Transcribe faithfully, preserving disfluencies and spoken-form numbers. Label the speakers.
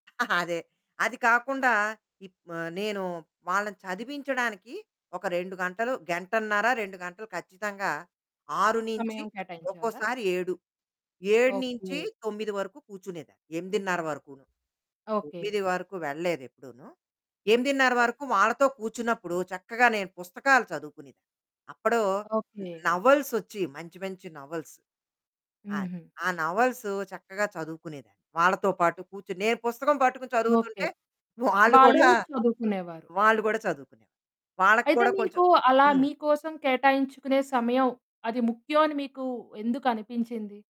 Speaker 1: అదే. అది కాకుండా ఇప్ ఆహ్, నేను వాళ్ళని చదివించడానికి ఒక రెండు గంటలు గంటన్నర రెండు గంటలు ఖచ్చితంగా. ఆరు నుంచి
Speaker 2: సమయం
Speaker 1: అ
Speaker 2: కేటాయించేవారా?
Speaker 1: ఒక్కోసారి ఏడు ఏడు నుంచి
Speaker 2: ఓకే.
Speaker 1: తొమ్మిది వరకు కూర్చునేదాన్ని. ఎనిమిదిన్నర వరకును.
Speaker 2: ఓకే.
Speaker 1: తొమ్మిది వరకు వెళ్ళలేదు ఎప్పుడూనూ ఎనిమిదిన్నర
Speaker 2: ఓహ్!
Speaker 1: వరకు వాళ్ళతో కూర్చున్నప్పుడు చక్కగా నేను పుస్తకాలు చదువుకునేదాన్ని. అప్పుడు
Speaker 2: ఓకే.
Speaker 1: నోవెల్స్ వచ్చేవి మంచి, మంచి నోవెల్స్. అది.
Speaker 2: హుహు.
Speaker 1: ఆ నోవెల్స్ చక్కగా చదువుకునేదాన్ని. వాళ్ళతో పాటు కూర్చొని. నేను పుస్తకం పట్టుకుని
Speaker 2: ఓకే.
Speaker 1: చదువుతుంటే వాళ్ళు
Speaker 2: వాళ్ళు
Speaker 1: కూడా,
Speaker 2: చదువుకునేవారు.
Speaker 1: వాళ్ళు కూడా చదువుకునేవాళ్ళు వాళ్ళకి
Speaker 2: అయితే
Speaker 1: కూడా కొంచెం
Speaker 2: మీకు అలా
Speaker 1: హ్మ్.
Speaker 2: మీకోసం కేటాయించుకునే సమయం అది ముఖ్యమని మీకు ఎందుకు అనిపించింది?